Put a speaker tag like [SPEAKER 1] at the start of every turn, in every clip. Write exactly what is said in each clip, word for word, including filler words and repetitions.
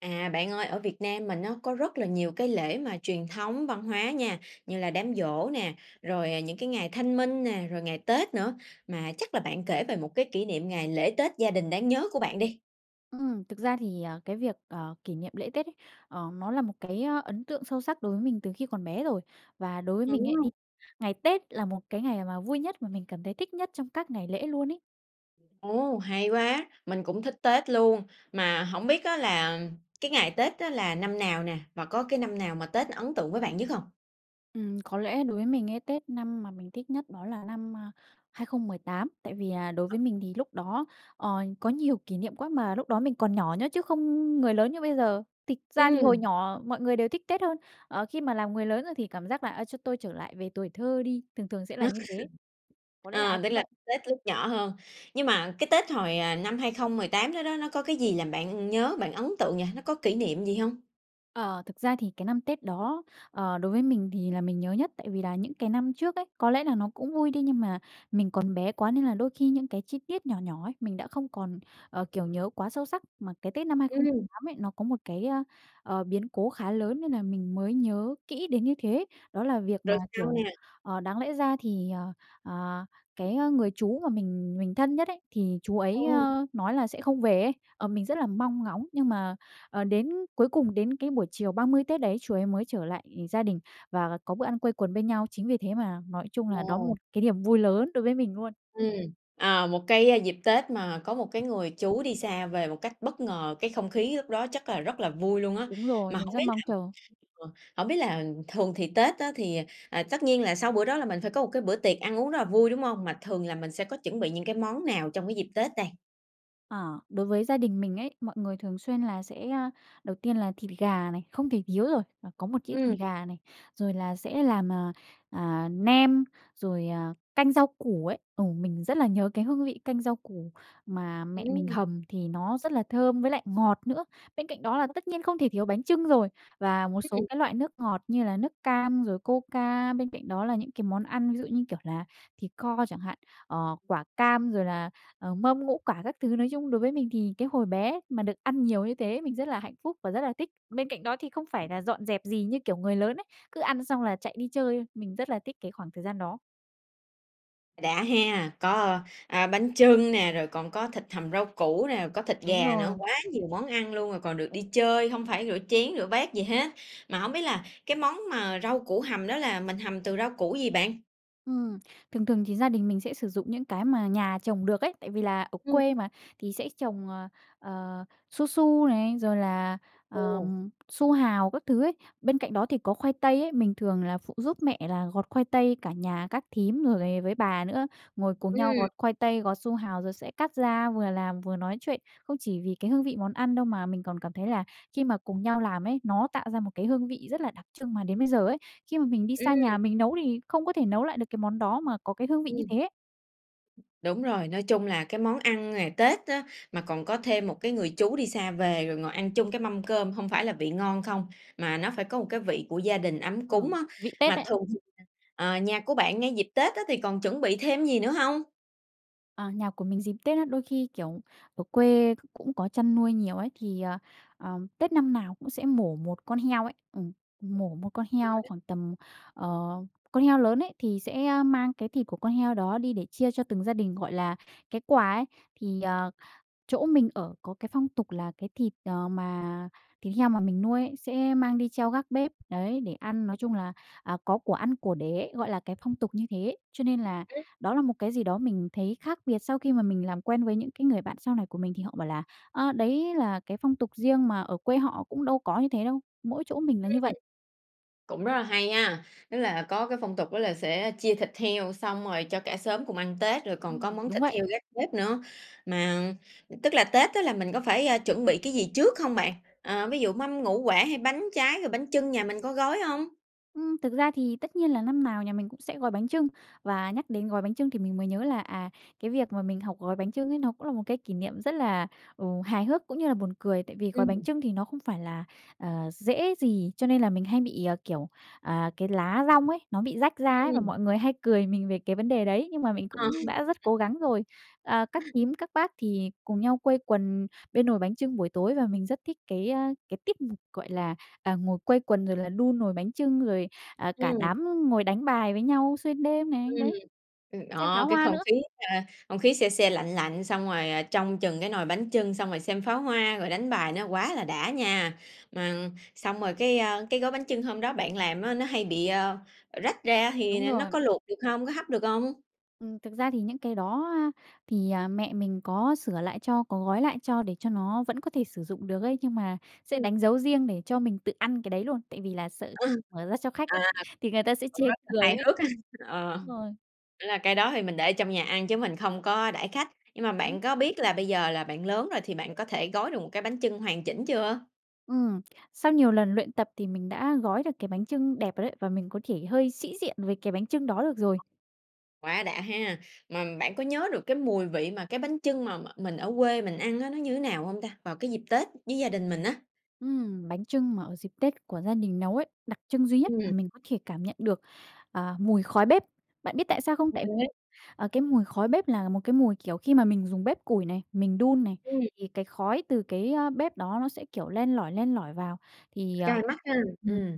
[SPEAKER 1] À, bạn ơi, ở Việt Nam mình á nó có rất là nhiều cái lễ mà truyền thống văn hóa nha, như là đám giỗ nè, rồi, à, những cái ngày Thanh minh nè, rồi ngày Tết nữa. Mà chắc là bạn kể về một cái kỷ niệm ngày lễ Tết gia đình đáng nhớ của bạn đi!
[SPEAKER 2] Ừm, thực ra thì, ờ, cái việc, ờ, kỷ niệm lễ Tết ấy, ờ, nó là một cái, ơ, ấn tượng sâu sắc đối với mình từ khi còn bé rồi. Và đối với mình ấy thì
[SPEAKER 1] [unintelligible]
[SPEAKER 2] ngày Tết là một cái ngày mà vui nhất mà mình cảm thấy thích nhất trong các ngày lễ luôn ấy.
[SPEAKER 1] Ồ, hay quá! Mình cũng thích Tết luôn, mà hổng biết á là cái ngày Tết đó là năm nào nè? Và có cái năm nào mà Tết ấn tượng với bạn nhất hông?
[SPEAKER 2] Ừm, có lẽ đối với mình cái Tết năm mà mình thích nhất đó là năm, a, hai không mười tám. Tại vì, à, đối với mình thì lúc đó, ờ, có nhiều kỷ niệm quá, mà lúc đó mình còn nhỏ nhớ chứ không người lớn như bây giờ. Tịch ra thì hồi
[SPEAKER 1] Ừm.
[SPEAKER 2] nhỏ mọi người đều thích Tết hơn, ờ, khi mà làm người lớn, ơ, thì cảm giác là "À, cho tôi trở lại về tuổi thơ đi", thường thường sẽ là như thế. Có lẽ là ai
[SPEAKER 1] À, tức
[SPEAKER 2] cũng
[SPEAKER 1] là
[SPEAKER 2] vậy.
[SPEAKER 1] Tết lúc nhỏ hơn. Nhưng mà cái Tết hồi, à, năm hai không mười tám đó đó nó có cái gì làm bạn nhớ, bạn ấn tượng nhỉ? Nó có kỷ niệm gì hông?
[SPEAKER 2] Ờ, thực ra thì cái năm Tết đó, ờ, đối với mình thì là mình nhớ nhất. Tại vì là những cái năm trước ấy có lẽ là nó cũng vui đi, nhưng mà mình còn bé quá nên là đôi khi những cái chi tiết nhỏ nhỏ ấy mình đã không còn, ờ, kiểu, nhớ quá sâu sắc. Mà cái Tết năm hai không
[SPEAKER 1] Ừm.
[SPEAKER 2] tám ấy nó có một cái, ơ, ờ, biến cố khá lớn nên là mình mới nhớ kỹ đến như thế. Đó là việc mà,
[SPEAKER 1] Rồi sao
[SPEAKER 2] kiểu,
[SPEAKER 1] nè?
[SPEAKER 2] ờ, đáng lẽ ra thì ờ, ờ, cái, ơ, người chú mà mình mình thân nhất ấy thì chú ấy,
[SPEAKER 1] Ừm.
[SPEAKER 2] ơ, nói là sẽ không về ấy. Ờ, mình rất là mong ngóng nhưng mà, ờ, đến cuối cùng, đến cái buổi chiều ba mươi Tết đấy chú ấy mới trở lại gia đình và có bữa ăn quây quần bên nhau. Chính vì thế mà nói chung là đó một
[SPEAKER 1] À.
[SPEAKER 2] cái niềm vui lớn đối với mình luôn.
[SPEAKER 1] Ừm. À, một cái, a, dịp Tết mà có một cái người chú đi xa về một cách bất ngờ, cái không khí lúc đó chắc là rất là vui luôn á.
[SPEAKER 2] Đúng rồi,
[SPEAKER 1] Mà
[SPEAKER 2] mình
[SPEAKER 1] hổng
[SPEAKER 2] rất
[SPEAKER 1] biết
[SPEAKER 2] mong
[SPEAKER 1] là,
[SPEAKER 2] chờ.
[SPEAKER 1] ờ, hổng biết là thường thì Tết á thì, à, à, tất nhiên là sau bữa đó là mình phải có một cái bữa tiệc ăn uống rất là vui, đúng hông? Mà thường là mình sẽ có chuẩn bị những cái món nào trong cái dịp Tết đây?
[SPEAKER 2] Ờ. Đối với gia đình mình ấy, mọi người thường xuyên là sẽ a, đầu tiên là thịt gà này, không thể thiếu rồi, và có một đĩa thịt
[SPEAKER 1] Ừm.
[SPEAKER 2] gà này. Rồi là sẽ làm, à, à, nem, rồi, à, canh rau củ ấy, ờ, mình rất là nhớ cái hương vị canh rau củ mà mẹ mình
[SPEAKER 1] Ừm.
[SPEAKER 2] hầm thì nó rất là thơm với lại ngọt nữa. Bên cạnh đó là
[SPEAKER 1] [unintelligible]
[SPEAKER 2] tất nhiên không thể thiếu bánh chưng rồi, và một số
[SPEAKER 1] Ừm.
[SPEAKER 2] cái loại nước ngọt như là nước cam rồi Coca. Bên cạnh đó là những cái món ăn ví dụ như, kiểu, là thịt kho chẳng hạn, ờ, quả cam rồi là, ờ, mâm ngũ quả các thứ. Nói chung đối với mình thì cái hồi bé mà được ăn nhiều như thế mình rất là hạnh phúc và rất là thích. Bên cạnh đó thì không phải là dọn dẹp gì như, kiểu, người lớn ấy, cứ ăn xong là chạy đi chơi, mình rất là thích cái khoảng thời gian đó.
[SPEAKER 1] Đã he! Có, a, bánh chưng nè, rồi còn có thịt hầm rau củ nè, có thịt
[SPEAKER 2] Đúng
[SPEAKER 1] gà nữa,
[SPEAKER 2] rồi.
[SPEAKER 1] quá nhiều món ăn luôn, còn được đi chơi, hông phải rửa chén, rửa bát gì hết. Mà hổng biết là cái món mà rau củ hầm đó là mình hầm từ rau củ gì bạn?
[SPEAKER 2] Ừm. Thường thường thì gia đình mình sẽ sử dụng những cái mà nhà trồng được ấy. Tại vì là ở
[SPEAKER 1] Ừm.
[SPEAKER 2] quê mà thì sẽ trồng, ờ, ờ, su su này, rồi là,
[SPEAKER 1] Ồ.
[SPEAKER 2] ờm, su hào các thứ ấy, bên cạnh đó thì có khoai tây ấy. Mình thường là phụ giúp mẹ là gọt khoai tây, cả nhà các thím, rồi với bà nữa, ngồi cùng nhau gọt
[SPEAKER 1] Ừm.
[SPEAKER 2] khoai tây, gọt su hào rồi sẽ cắt ra vừa làm vừa nói chuyện. Không chỉ vì cái hương vị món ăn đâu, mà mình còn cảm thấy là khi mà cùng nhau làm ấy nó tạo ra một cái hương vị rất là đặc trưng, mà đến bây giờ ấy khi mà mình đi
[SPEAKER 1] Ừm.
[SPEAKER 2] xa nhà mình nấu thì không có thể nấu lại được cái món đó mà có cái hương vị như
[SPEAKER 1] Ừm.
[SPEAKER 2] thế.
[SPEAKER 1] Đúng rồi, nói chung là cái món ăn ngày Tết á mà còn có thêm một cái người chú đi xa về, rồi ngồi ăn chung cái mâm cơm hông phải là vị ngon không, mà nó phải có một cái vị của gia đình ấm cúng
[SPEAKER 2] Ừm.
[SPEAKER 1] á.
[SPEAKER 2] Vị Tết
[SPEAKER 1] Mà
[SPEAKER 2] đấy.
[SPEAKER 1] thường thì, à, à, nhà của bạn ngay dịp Tết á thì còn chuẩn bị thêm gì nữa hông?
[SPEAKER 2] Ờ, nhà của mình dịp Tết á, đôi khi, kiểu, ở quê c cũng có chăn nuôi nhiều ấy, thì, ờ, ờ, Tết năm nào cũng sẽ mổ một con heo ấy, ừm, mổ một con heo
[SPEAKER 1] [unintelligible]
[SPEAKER 2] khoảng tầm, ờ con heo lớn ấy thì sẽ, ơ, mang cái thịt của con heo đó đi để chia cho từng gia đình, gọi là, cái quà ấy. Thì, ờ, chỗ mình ở có cái phong tục là cái thịt, ờ, mà thịt heo mà mình nuôi ấy sẽ mang đi treo gác bếp, đấy để ăn, nói chung là, à, có của ăn của để, gọi là, cái phong tục như thế. Cho nên là
[SPEAKER 1] Ừ.
[SPEAKER 2] đó là một cái gì đó mình thấy khác biệt sau khi mà mình làm quen với những cái người bạn sau này của mình thì họ bảo là, a, đấy là cái phong tục riêng mà ở quê họ cũng đâu có như thế đâu, mỗi chỗ mình là
[SPEAKER 1] Ừm.
[SPEAKER 2] như vậy.
[SPEAKER 1] Cũng rất là hay nha, tức là có cái phong tục đó là sẽ chia thịt heo xong rồi cho cả xóm cùng ăn Tết, rồi còn có
[SPEAKER 2] Ừm,
[SPEAKER 1] món
[SPEAKER 2] đúng
[SPEAKER 1] thịt
[SPEAKER 2] vậy.
[SPEAKER 1] heo gác bếp nữa. Mà tức là Tết á là mình có phải, a, chuẩn bị cái gì trước hông bạn? À, ví dụ mâm ngũ quả, hay bánh trái, rồi bánh chưng nhà mình có gói hông?
[SPEAKER 2] Ừm, thực ra thì tất nhiên là năm nào nhà mình cũng sẽ gói bánh chưng. Và nhắc đến gói bánh chưng thì mình mới nhớ là, à, cái việc mà mình học gói bánh chưng ấy nó cũng là một cái kỷ niệm rất là, ừ, hài hước cũng như là buồn cười. Tại vì gói bánh
[SPEAKER 1] Ừm.
[SPEAKER 2] chưng thì nó không phải là, ờ, dễ gì, cho nên là mình hay bị, à, kiểu, à, cái lá dong ấy nó bị rách ra ấy, và
[SPEAKER 1] Ừm.
[SPEAKER 2] mọi người hay cười mình về cái vấn đề đấy, nhưng mà mình
[SPEAKER 1] À.
[SPEAKER 2] cũng đã rất cố gắng rồi. À, các nhím, các bác thì cùng nhau quây quần bên nồi bánh chưng buổi tối. Và mình rất thích cái, a, cái tip, gọi là, à, ngồi quây quần rồi là đun nồi bánh chưng, rồi, à, cả
[SPEAKER 1] Ừm.
[SPEAKER 2] đám ngồi đánh bài với nhau xuyên đêm này,
[SPEAKER 1] Ừm.
[SPEAKER 2] đấy,
[SPEAKER 1] Ừm,
[SPEAKER 2] xem pháo
[SPEAKER 1] đó, cái
[SPEAKER 2] hoa
[SPEAKER 1] không
[SPEAKER 2] nữa.
[SPEAKER 1] khí ha, không khí se se, lạnh lạnh, xong rồi trông chừng cái nồi bánh chưng, xong rồi xem pháo hoa, rồi đánh bài nó quá là đã nha. Ưm, xong rồi cái, ơ, cái gói bánh chưng hôm đó bạn làm á nó hay bị, ơ, ờ, rách ra thì
[SPEAKER 2] Đúng
[SPEAKER 1] n nó có
[SPEAKER 2] rồi.
[SPEAKER 1] luộc được hông? Có hấp được hông?
[SPEAKER 2] Ừm, thực ra thì những cái đó, a, thì, ờ, mẹ mình có sửa lại cho, có gói lại cho để cho nó vẫn có thể sử dụng được ấy. Nhưng mà sẽ
[SPEAKER 1] Ừm.
[SPEAKER 2] đánh dấu riêng để cho mình tự ăn cái đấy luôn, tại vì là sợ
[SPEAKER 1] Ờ.
[SPEAKER 2] mở ra cho khách ấy
[SPEAKER 1] À,
[SPEAKER 2] thì người ta sẽ chê
[SPEAKER 1] cũng rất là
[SPEAKER 2] cười
[SPEAKER 1] hài
[SPEAKER 2] ấy.
[SPEAKER 1] hước ha! Ờ.
[SPEAKER 2] Rồi.
[SPEAKER 1] Là cái đó thì mình để trong nhà ăn chứ mình không có đãi khách. Nhưng mà
[SPEAKER 2] Đúng.
[SPEAKER 1] bạn có biết là bây giờ là bạn lớn rồi thì bạn có thể gói được một cái bánh chưng hoàn chỉnh chưa?
[SPEAKER 2] Ừm. Sau nhiều lần luyện tập thì mình đã gói được cái bánh chưng đẹp rồi đấy, và mình có thể hơi sĩ diện với cái bánh chưng đó được rồi.
[SPEAKER 1] Quá đã ha. Mà bạn có nhớ được cái mùi vị mà cái bánh chưng mà mà mình ở quê mình ăn á nó như thế nào hông ta? Vào cái dịp Tết với gia đình mình á?
[SPEAKER 2] Ừm, bánh chưng mà ở dịp Tết của gia đình nấu ấy, đặc trưng duy nhất mà
[SPEAKER 1] Ừm.
[SPEAKER 2] mình có thể cảm nhận được, à, mùi khói bếp. Bạn biết tại sao không? Tại vì,
[SPEAKER 1] [unintelligible]
[SPEAKER 2] ờ, cái mùi khói bếp là một cái mùi, kiểu, khi mà mình dùng bếp củi này, mình đun này
[SPEAKER 1] Ừm.
[SPEAKER 2] thì cái khói từ cái, a, bếp đó nó sẽ, kiểu, len lỏi, len lỏi vào, thì, ờ,
[SPEAKER 1] Cay mắt ha,
[SPEAKER 2] ừm,
[SPEAKER 1] ừm.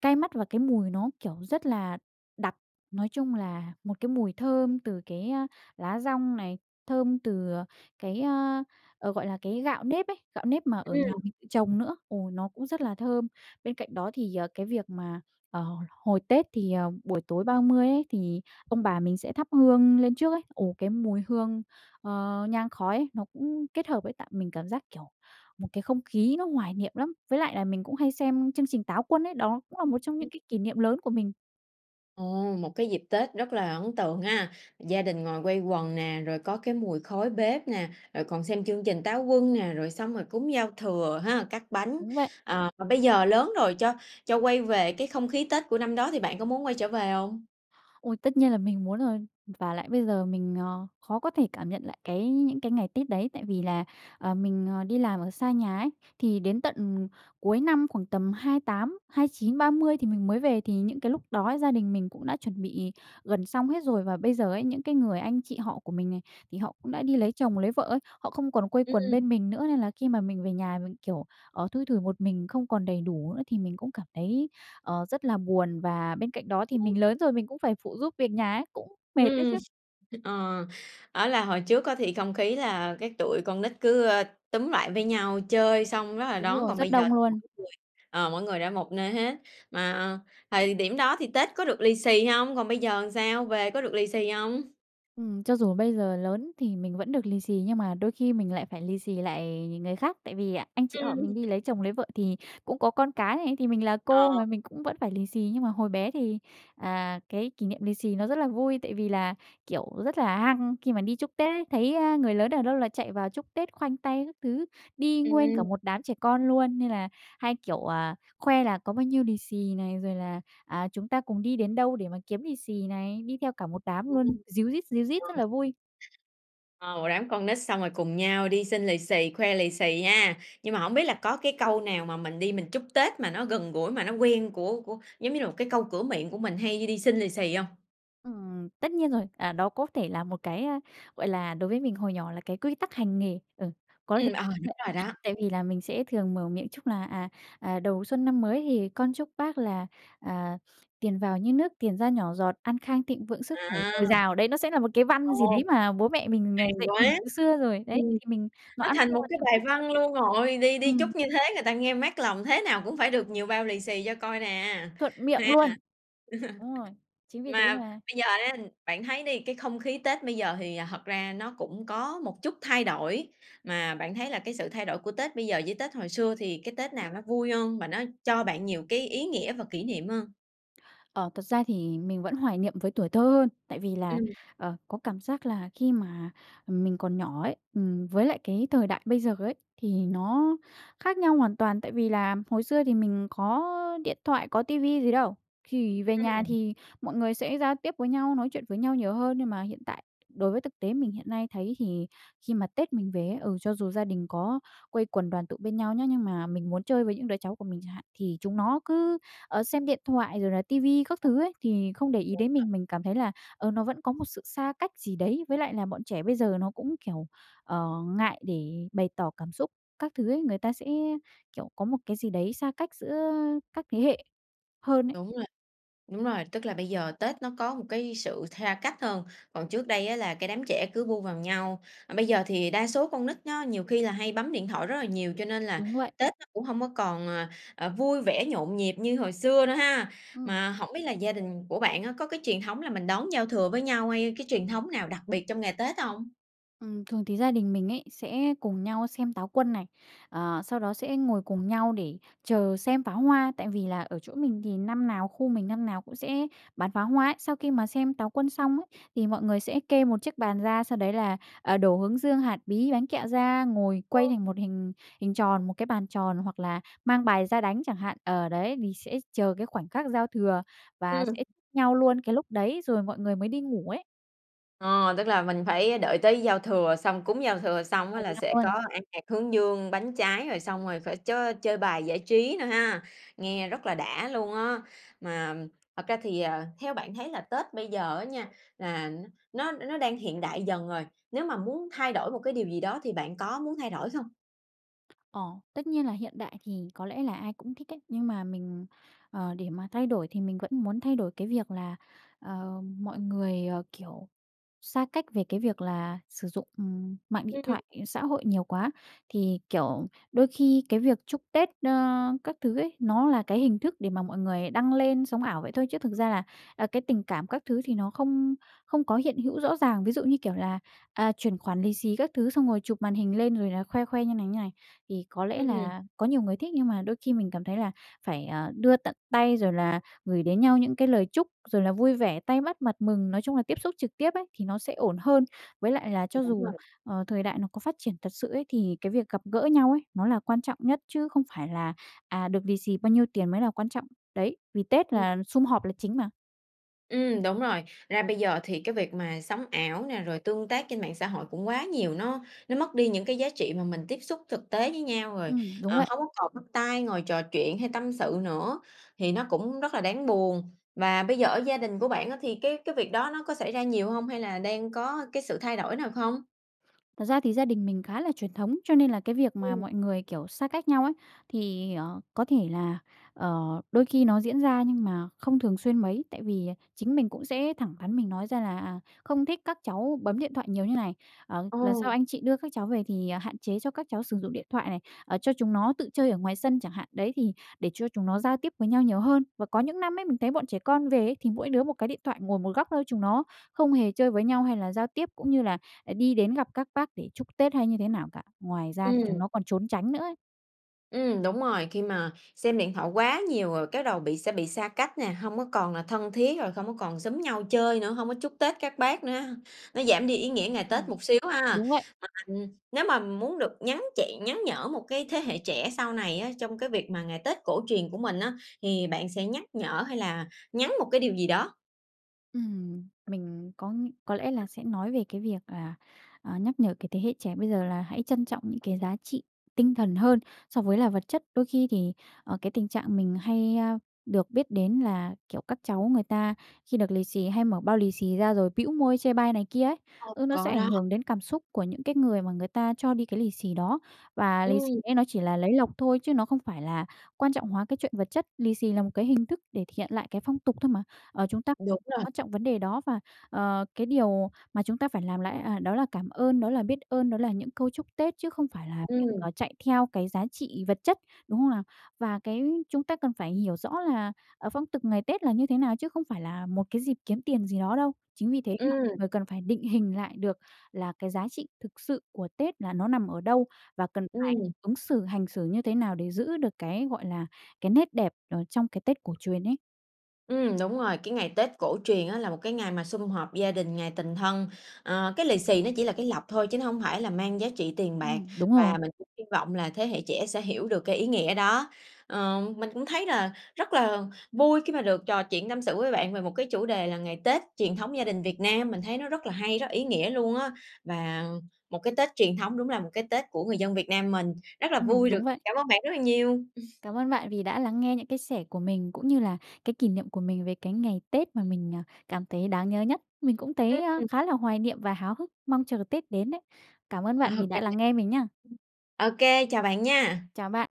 [SPEAKER 2] cay mắt và cái mùi nó, kiểu, rất là đặc. Nói chung là một cái mùi thơm từ cái, a, lá dong này, thơm từ, ờ, cái, a, ờ, gọi là, cái gạo nếp ấy, gạo nếp mà ở nhà
[SPEAKER 1] Ừm.
[SPEAKER 2] mình tự trồng nữa, ồ, nó cũng rất là thơm. Bên cạnh đó thì, ờ, cái việc mà, à, hồi hồi Tết thì, ờ, buổi tối ba mươi ấy thì ông bà mình sẽ thắp hương lên trước ấy, ồ, cái mùi hương, ờ, nhang khói nó cũng kết hợp ấy, tạo mình cảm giác, kiểu, một cái không khí nó hoài niệm lắm. Với lại là mình cũng hay xem chương trình Táo Quân ấy, đó cũng là một trong
[SPEAKER 1] Ừm.
[SPEAKER 2] những cái kỷ niệm lớn của mình.
[SPEAKER 1] Ồ, một cái dịp Tết rất là ấn tượng ha! Gia đình ngồi quây quần nè, rồi có cái mùi khói bếp nè, rồi còn xem chương trình Táo Quân nè, rồi xong rồi cúng giao thừa ha, cắt bánh.
[SPEAKER 2] Đúng vậy.
[SPEAKER 1] À, bây giờ lớn rồi cho cho quay về cái không khí Tết của năm đó thì bạn có muốn quay trở về hông?
[SPEAKER 2] Ôi, tất nhiên là mình muốn rồi. Ừm, vả lại bây giờ mình, ờ, khó có thể cảm nhận lại cái những cái ngày Tết đấy. Tại vì là, ờ, mình, ờ, đi làm ở xa nhà ấy thì đến tận cuối năm khoảng tầm hai tám hai chín ba mươi thì mình mới về, thì những cái lúc đó ấy, gia đình mình cũng đã chuẩn bị gần xong hết rồi. Và bây giờ ấy, những cái người anh chị họ của mình này, thì họ cũng đã đi lấy chồng, lấy vợ ấy, họ không còn quây quần
[SPEAKER 1] Ừm.
[SPEAKER 2] bên mình nữa, nên là khi mà mình về nhà mình, kiểu, ờ, thui thủi một mình, không còn đầy đủ nữa thì mình cũng cảm thấy, ờ, rất là buồn. Và bên cạnh đó thì mình
[SPEAKER 1] [unintelligible]
[SPEAKER 2] lớn rồi mình cũng phải phụ giúp việc nhà ấy, cũng mệt đấy
[SPEAKER 1] Ừm.
[SPEAKER 2] chứ.
[SPEAKER 1] Ờ, á là hồi trước có thì không khí là cái tụi con nít cứ, ơ, túm lại với nhau, chơi xong rất là
[SPEAKER 2] Đúng
[SPEAKER 1] đón,
[SPEAKER 2] rồi,
[SPEAKER 1] còn
[SPEAKER 2] rất
[SPEAKER 1] bây giờ
[SPEAKER 2] đông
[SPEAKER 1] thì mỗi
[SPEAKER 2] luôn.
[SPEAKER 1] người, ờ, mỗi người đã một nơi hết. Mà thời điểm đó thì Tết có được lì xì hông? Còn bây giờ sao? Về có được lì xì hông?
[SPEAKER 2] Ừm, cho dù bây giờ lớn thì mình vẫn được lì xì, nhưng mà đôi khi mình lại phải lì xì lại ng người khác. Tại vì anh chị họ mình
[SPEAKER 1] Ừm.
[SPEAKER 2] đi lấy chồng, lấy vợ thì cũng có con cái này, thì mình là cô
[SPEAKER 1] Ờ.
[SPEAKER 2] mà, mình cũng vẫn phải lì xì. Nhưng mà hồi bé thì, à, cái kỷ niệm lì xì nó rất là vui, tại vì là, kiểu, rất là hăng khi mà đi chúc Tết ấy. Thấy, ơ, người lớn ở đâu là chạy vào chúc Tết, khoanh tay các thứ. Đi nguyên cả
[SPEAKER 1] Ừm.
[SPEAKER 2] một đám trẻ con luôn, nên là hay, kiểu, ờ, khoe là có bao nhiêu lì xì này, rồi là, à, chúng ta cùng đi đến đâu để mà kiếm lì xì này, đi theo cả một đám luôn,
[SPEAKER 1] Ừm.
[SPEAKER 2] ríu rít, ríu rít rất là
[SPEAKER 1] [unintelligible]
[SPEAKER 2] vui.
[SPEAKER 1] Ồ, đám con nít xong rồi cùng nhau đi xin lì xì, khoe lì xì ha! Nhưng mà hổng biết là có cái câu nào mà mình đi mình chúc Tết mà nó gần gũi, mà nó quen của của giống như là một cái câu cửa miệng của mình hay đi đi xin lì xì hông?
[SPEAKER 2] Ừm. Tất nhiên rồi. À, đó có thể là một cái, a, gọi là, đối với mình hồi nhỏ là cái quy tắc hành nghề, ừ, có
[SPEAKER 1] Ừm, à, đúng rồi
[SPEAKER 2] [unintelligible]
[SPEAKER 1] đó.
[SPEAKER 2] tại vì là mình sẽ thường mở miệng chúc là "À, à, đầu xuân năm mới thì con chúc bác là, à, tiền vào như nước, tiền ra nhỏ giọt, an khang thịnh vượng, sức khỏe
[SPEAKER 1] À.
[SPEAKER 2] dồi dào." Đấy nó sẽ là một cái văn gì
[SPEAKER 1] Ồ.
[SPEAKER 2] đấy mà bố mẹ mình, ờ,
[SPEAKER 1] Hay
[SPEAKER 2] dạy mình
[SPEAKER 1] quá!
[SPEAKER 2] từ xưa rồi đấy,
[SPEAKER 1] Ừm.
[SPEAKER 2] thì mình nó
[SPEAKER 1] Nó
[SPEAKER 2] ăn
[SPEAKER 1] thành
[SPEAKER 2] sâu
[SPEAKER 1] một
[SPEAKER 2] vào
[SPEAKER 1] cái
[SPEAKER 2] tiềm
[SPEAKER 1] bài
[SPEAKER 2] thức ấy.
[SPEAKER 1] văn luôn rồi, đi đi
[SPEAKER 2] Ừm.
[SPEAKER 1] chúc như thế người ta nghe mát lòng thế nào cũng phải được nhiều bao lì xì cho coi nè,
[SPEAKER 2] Thuận miệng
[SPEAKER 1] ha.
[SPEAKER 2] luôn. Đúng rồi. Chính vì thế
[SPEAKER 1] Mà
[SPEAKER 2] mà
[SPEAKER 1] bây giờ ha, bạn thấy đi, cái không khí Tết bây giờ hì thật ra nó cũng có một chút thay đổi, mà bạn thấy là cái sự thay đổi của Tết bây giờ với Tết hồi xưa thì cái Tết nào nó vui hơn, và nó cho bạn nhiều cái ý nghĩa và kỷ niệm hơn?
[SPEAKER 2] Ờ, thật ra thì mình vẫn hoài niệm với tuổi thơ hơn, tại vì là,
[SPEAKER 1] Ừm.
[SPEAKER 2] ờ, có cảm giác là khi mà mình còn nhỏ ấy, ừm với lại cái thời đại bây giờ ấy thì nó khác nhau hoàn toàn. Tại vì là hồi xưa thì mình có điện thoại, có ti vi gì đâu, chỉ về nhà
[SPEAKER 1] Ừm.
[SPEAKER 2] thì mọi người sẽ giao tiếp với nhau, nói chuyện với nhau nhiều hơn. Nhưng mà hiện tại, đối với thực tế mình hiện nay thấy thì khi mà Tết mình về ấy, ừ, cho dù gia đình có quây quần đoàn tụ bên nhau nhé, nhưng mà mình muốn chơi với những đứa cháu của mình chẳng hạn, thì chúng nó cứ, ờ, xem điện thoại rồi là ti vi các thứ ấy, thì không để ý
[SPEAKER 1] Đúng
[SPEAKER 2] đến
[SPEAKER 1] rồi.
[SPEAKER 2] mình. Mình cảm thấy là, ờ, nó vẫn có một sự xa cách gì đấy. Với lại là bọn trẻ bây giờ nó cũng, kiểu, ờ, ngại để bày tỏ cảm xúc các thứ ấy, người ta sẽ, kiểu, có một cái gì đấy xa cách giữa các thế hệ hơn ấy.
[SPEAKER 1] Đúng rồi. Đúng rồi, tức là bây giờ Tết nó có một cái sự tha cách hơn, còn trước đây á là cái đám trẻ cứ bu vào nhau. Ờ, bây giờ thì đa số con nít nó nhiều khi là hay bấm điện thoại rất là nhiều cho nên là
[SPEAKER 2] Đúng vậy.
[SPEAKER 1] Tết nó cũng hông có còn, ờ, ờ, vui vẻ, nhộn nhịp như hồi xưa nữa ha!
[SPEAKER 2] Ừm.
[SPEAKER 1] Mà hổng biết là gia đình của bạn á có cái truyền thống là mình đón giao thừa với nhau hay cái truyền thống nào đặc biệt trong ngày Tết hông?
[SPEAKER 2] Ừm, thường thì gia đình mình ấy sẽ cùng nhau xem Táo Quân này, ờ, sau đó sẽ ngồi cùng nhau để chờ xem pháo hoa. Tại vì là ở chỗ mình thì năm nào khu mình năm nào cũng sẽ bắn pháo hoa ấy. Sau khi mà xem Táo Quân xong ấy, thì mọi người sẽ kê một chiếc bàn ra, sau đấy là, à, đổ hướng dương, hạt bí, bánh kẹo ra, ngồi quây thành
[SPEAKER 1] [unintelligible]
[SPEAKER 2] một hình hình tròn, một cái bàn tròn, hoặc là mang bài ra đánh chẳng hạn. Ờ, đấy vì sẽ chờ cái khoảnh khác giao thừa và
[SPEAKER 1] Ừm.
[SPEAKER 2] sẽ nhau luôn cái lúc đấy, rồi mọi người mới đi ngủ ấy.
[SPEAKER 1] Ờ. Tức là mình phải đợi tới giao thừa, xong cúng giao thừa xong
[SPEAKER 2] [unintelligible]
[SPEAKER 1] á
[SPEAKER 2] cùng
[SPEAKER 1] là
[SPEAKER 2] nhau
[SPEAKER 1] sẽ có
[SPEAKER 2] luôn.
[SPEAKER 1] ăn hạt hướng dương, bánh trái, rồi xong rồi phải chới chơi bài giải trí nữa ha, nghe rất là đã luôn á! Mà thật ra thì, ờ, theo bạn thấy là Tết bây giờ á nha là nó nó nó đang hiện đại dần rồi, nếu mà muốn thay đổi một cái điều gì đó thì bạn có muốn thay đổi không?
[SPEAKER 2] Ờ. Tất nhiên là hiện đại thì có lẽ là ai cũng thích ấy, nhưng mà mình, ờ, để mà thay đổi thì mình vẫn muốn thay đổi cái việc là, ờ, mọi người, ờ, kiểu, xa cách về cái việc là sử dụng, ừm, mạng điện
[SPEAKER 1] Ừm.
[SPEAKER 2] thoại, ờ, xã hội nhiều quá. Thì, kiểu, đôi khi cái việc chúc Tết, ơ, các thứ ấy, nó là cái hình thức để mà mọi người đăng lên sống ảo vậy thôi, chứ thực ra là, à, cái tình cảm các thứ thì nó không không có hiện hữu rõ ràng. Ví dụ như, kiểu là, à, chuyển khoản lì xì các thứ, xong rồi chụp màn hình lên rồi là khoe khoe như này, như này, thì có lẽ
[SPEAKER 1] Ừm.
[SPEAKER 2] là có nhiều người thích. Nhưng mà đôi khi mình cảm thấy là phải, ờ, đưa tận tay, rồi là gửi đến nhau những cái lời chúc, rồi là vui vẻ, tay bắt mặt mừng, nói chung là tiếp xúc trực tiếp ấy thì nó sẽ ổn hơn. Với lại là cho
[SPEAKER 1] Đúng
[SPEAKER 2] dù,
[SPEAKER 1] rồi.
[SPEAKER 2] ờ, thời đại nó có phát triển thật sự ấy, thì cái việc gặp gỡ nhau ấy nó là quan trọng nhất, chứ không phải là, à, được lì xì bao nhiêu tiền mới là quan trọng. Đấy, vì Tết
[SPEAKER 1] Ừm.
[SPEAKER 2] là sum họp là chính mà.
[SPEAKER 1] Ừm, đúng rồi. Ra bây giờ thì cái việc mà sống ảo nè, rồi tương tác trên mạng xã hội cũng quá nhiều, nó nó mất đi những cái giá trị mà mình tiếp xúc thực tế với nhau. Rồi,
[SPEAKER 2] Ừm, đúng
[SPEAKER 1] ờ,
[SPEAKER 2] vậy.
[SPEAKER 1] hông có còn bắt tay, ngồi trò chuyện hay tâm sự nữa thì nó cũng rất là đáng buồn. Và bây giờ ở gia đình của bạn á thì cái cái việc đó nó có xảy ra nhiều hông? Hay là đang có cái sự thay đổi nào không?
[SPEAKER 2] Thật ra thì gia đình mình khá là truyền thống, cho nên là cái việc mà
[SPEAKER 1] Ừm.
[SPEAKER 2] mọi người, kiểu, xa cách nhau ấy thì, ờ, có thể là, ờ, đôi khi nó diễn ra nhưng mà không thường xuyên mấy. Tại vì, à, chính mình cũng sẽ thẳng thắn mình nói ra là "À, không thích các cháu bấm điện thoại nhiều như này, à,
[SPEAKER 1] Ờ.
[SPEAKER 2] lần sau anh chị đưa các cháu về thì, à, hạn chế cho các cháu sử dụng điện thoại này, à, cho chúng nó tự chơi ở ngoài sân chẳng hạn. Đấy, thì để cho chúng nó giao tiếp với nhau nhiều hơn." Và có những năm ấy mình thấy bọn trẻ con về ấy, thì mỗi đứa một cái điện thoại, ngồi một góc thôi, chúng nó không hề chơi với nhau hay là giao tiếp, cũng như là đi đến gặp các bác để chúc Tết hay như thế nào cả. Ngoài ra thì
[SPEAKER 1] Ừm.
[SPEAKER 2] chúng nó còn trốn tránh nữa ấy.
[SPEAKER 1] Ừm, đúng rồi. Khi mà xem điện thoại quá nhiều rồi cái đầu bị sẽ bị xa cách nè, hông có còn là thân thiết, rồi không có còn xúm nhau chơi nữa, hông có chúc Tết các bác nữa, nó giảm đi ý nghĩa ngày Tết
[SPEAKER 2] Ừm.
[SPEAKER 1] một xíu ha. À,
[SPEAKER 2] Đúng vậy.
[SPEAKER 1] ừm, nếu mà muốn được nhắn chị nhắn nhở một cái thế hệ trẻ sau này á trong cái việc mà ngày Tết cổ truyền của mình á thì bạn sẽ nhắc nhở hay là nhắn một cái điều gì đó?
[SPEAKER 2] Ừm. Mình có có lẽ là sẽ nói về cái việc, à, à, nhắc nhở cái thế hệ trẻ bây giờ là hãy trân trọng những cái giá trị tinh thần hơn so với là vật chất. Đôi khi thì, ờ, cái tình trạng mình hay, ơ, được biết đến là, kiểu, các cháu người ta khi được lì xì, hay mở bao lì xì ra rồi bĩu môi chê bai này kia ấy,
[SPEAKER 1] Ồ,
[SPEAKER 2] ừ, nó sẽ
[SPEAKER 1] có
[SPEAKER 2] ảnh
[SPEAKER 1] đó.
[SPEAKER 2] hưởng đến cảm xúc của những cái người mà người ta cho đi cái lì xì đó. Và lì xì
[SPEAKER 1] Ừm.
[SPEAKER 2] ấy nó chỉ là lấy lộc thôi, chứ nó không phải là quan trọng hóa cái chuyện vật chất, lì xì là một cái hình thức để thể hiện lại cái phong tục thôi mà. Ờ, chúng ta
[SPEAKER 1] Đúng rồi.
[SPEAKER 2] quan trọng vấn đề đó, và, ờ, cái điều mà chúng ta phải làm lại, à, đó là cảm ơn, đó là biết ơn, đó là những câu chúc Tết, chứ không phải là việc,
[SPEAKER 1] Ừm.
[SPEAKER 2] à, chạy theo cái giá trị vật chất, đúng không nào? Và cái chúng ta cần phải hiểu rõ là, ờ, phong tục ngày Tết là như thế nào, chứ không phải là một cái dịp kiếm tiền gì đó đâu. Chính vì thế mà
[SPEAKER 1] Ừm.
[SPEAKER 2] người cần phải định hình lại được là cái giá trị thực sự của Tết là nó nằm ở đâu, và cần phải
[SPEAKER 1] Ừm.
[SPEAKER 2] ứng xử, hành xử như thế nào để giữ được cái, gọi là, cái nét đẹp ở trong cái Tết cổ truyền ấy.
[SPEAKER 1] Ừm, đúng rồi. Cái ngày Tết cổ truyền á là một cái ngày sum họp gia đình, ngày tình thân, à, cái lì xì nó chỉ là cái lộc thôi chứ nó hông phải là mang giá trị tiền bạc.
[SPEAKER 2] Ừm, đúng
[SPEAKER 1] Và
[SPEAKER 2] rồi.
[SPEAKER 1] mình cũng hi vọng là thế hệ trẻ sẽ hiểu được cái ý nghĩa đó. Ờ, mình cũng thấy là rất là vui khi mà được trò chuyện tâm sự với bạn về một cái chủ đề là ngày Tết truyền thống gia đình Việt Nam. Mình thấy nó rất là hay, rất ý nghĩa luôn á. Và một cái Tết truyền thống đúng là một cái Tết của người dân Việt Nam mình. Rất là
[SPEAKER 2] Ừm,
[SPEAKER 1] vui được
[SPEAKER 2] đúng vậy.
[SPEAKER 1] cảm ơn bạn rất là nhiều.
[SPEAKER 2] Cảm ơn bạn vì đã lắng nghe những cái sẻ của mình cũng như là cái kỷ niệm của mình về cái ngày Tết mà mình, ờ, cảm thấy đang nhớ nhất. Mình cũng thấy, ơ,
[SPEAKER 1] Ừm.
[SPEAKER 2] khá là hoài niệm và háo hức, mong chờ Tết đến đấy. Cảm ơn
[SPEAKER 1] Ờ,
[SPEAKER 2] bạn vì đã lắng nghe mình nhá.
[SPEAKER 1] OK, chào bạn nha!
[SPEAKER 2] Chào bạn.